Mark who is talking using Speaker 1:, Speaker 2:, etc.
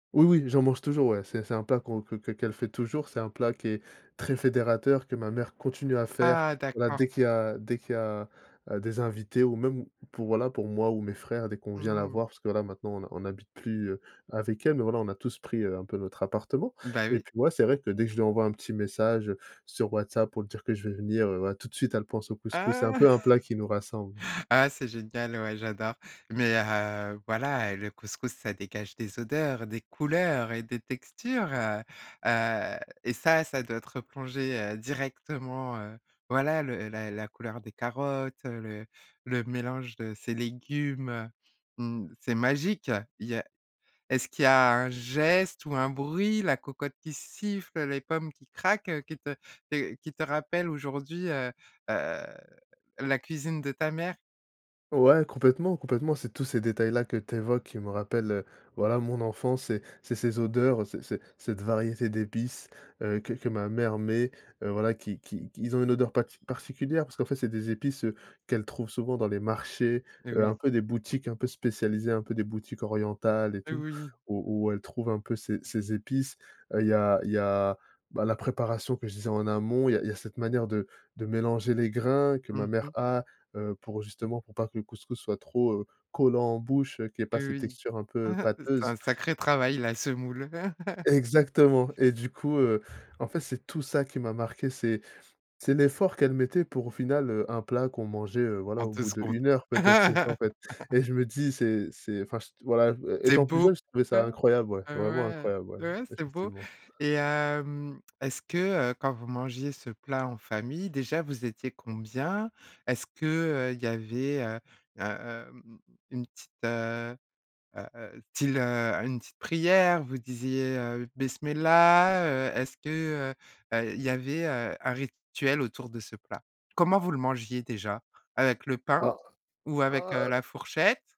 Speaker 1: Oui, oui, j'en mange toujours, ouais, c'est c'est un plat qu'on que qu'e qu'elle fait toujours, c'est un plat qui est très fédérateur, que ma mère continue à faire.
Speaker 2: Ah,
Speaker 1: Voilà,
Speaker 2: d'accord!
Speaker 1: dès qu'il y a dès qu'il y a, heu, des invités ou même pour, voilà, pour moi ou mes frères, dès qu'on vient la
Speaker 2: Mmh.
Speaker 1: voir, parce que là, maintenant on ne on n'habite plus, heu, avec elle, voilà, on a tous pris, heu, un peu notre appartement
Speaker 2: Bah,
Speaker 1: et
Speaker 2: oui.
Speaker 1: puis moi c'est vrai que dès que je lui envoie un petit message sur WhatsApp pour lui dire que je vais venir, heu, voilà, tout de suite elle pense au couscous. C'est un
Speaker 2: Ah!
Speaker 1: peu un plat qui nous rassemble.
Speaker 2: Ah, c'est génial, ouais, j'adore. Mais, heu, voilà, le couscous, ça dégage des odeurs, des couleurs et des textures, heu heu, et ça, ça doit te replonger, heu, directement, heu voilà, le la la couleur des carottes, le le mélange de ces légumes. Mmh, c'est magique! Il y a est-ce qu'il y a un geste ou un bruit, la cocotte qui siffle, les pommes qui craquent, qui te te qui te rappellent aujourd'hui, heu heu, la cuisine de ta mère?
Speaker 1: Ouais, complètement, complètement. C'est tous ces détails-là que tu évoques qui me rappellent, voilà, mon enfance. C'est c'est ces odeurs, c'est c'est cette variété d'épices, heu, que que ma mère met, heu voilà, qui qui qu'ils ont une odeur pati particulière parce qu'en fait c'est des épices, heu, qu'elle trouve souvent dans les marchés, heu, un
Speaker 2: Oui.
Speaker 1: peu des boutiques un peu spécialisées, un peu des boutiques orientales et tout
Speaker 2: Oui!
Speaker 1: où où elle trouve un peu ces ces épices. Heu, il y a il y a, bah, la préparation que je disais en amont. Il y a il y a cette manière de de mélanger les grains que ma
Speaker 2: Mmh
Speaker 1: mère
Speaker 2: mh.
Speaker 1: a, heu, pour justement pour pas que le couscous soit trop, heu, collant en bouche, qu'il y ait pas cette
Speaker 2: Oui.
Speaker 1: texture un peu
Speaker 2: C'est
Speaker 1: pâteuse.
Speaker 2: un sacré travail la semoule.
Speaker 1: Exactement et du coup, heu, en fait, c'est tout ça qui m'a marqué, c'est c'est l'effort qu'elle mettait pour au final, heu, un plat qu'on mangeait, heu, voilà
Speaker 2: En
Speaker 1: au
Speaker 2: 2
Speaker 1: bout de
Speaker 2: secondes.
Speaker 1: 1 heure peut-être, c'est ça, en fait, et je me dis c'est c'est enfin cht voilà, heu,
Speaker 2: C'est
Speaker 1: étant plus
Speaker 2: beau!
Speaker 1: jeune, je trouvais ça
Speaker 2: Heu
Speaker 1: incroyable, ouais,
Speaker 2: heu,
Speaker 1: vraiment
Speaker 2: ouais.
Speaker 1: incroyable, ouais,
Speaker 2: Ouais, c'est beau.
Speaker 1: effectivement.
Speaker 2: Et hem, est-ce que, heu, quand vous mangiez ce plat en famille déjà vous étiez combien? Est-ce que, heu, il y avait heu heu heu, mmh mmh mmh, une petite, heu heu heu heu, style une petite prière, vous disiez, heu: «Bismillah», heu est-ce que, heu heu, il y avait, heu, un rituel autour de ce plat? Comment vous le mangiez déjà? Avec le pain
Speaker 1: Ah!
Speaker 2: ou avec,
Speaker 1: Ah,
Speaker 2: heu, la
Speaker 1: heu
Speaker 2: fourchette?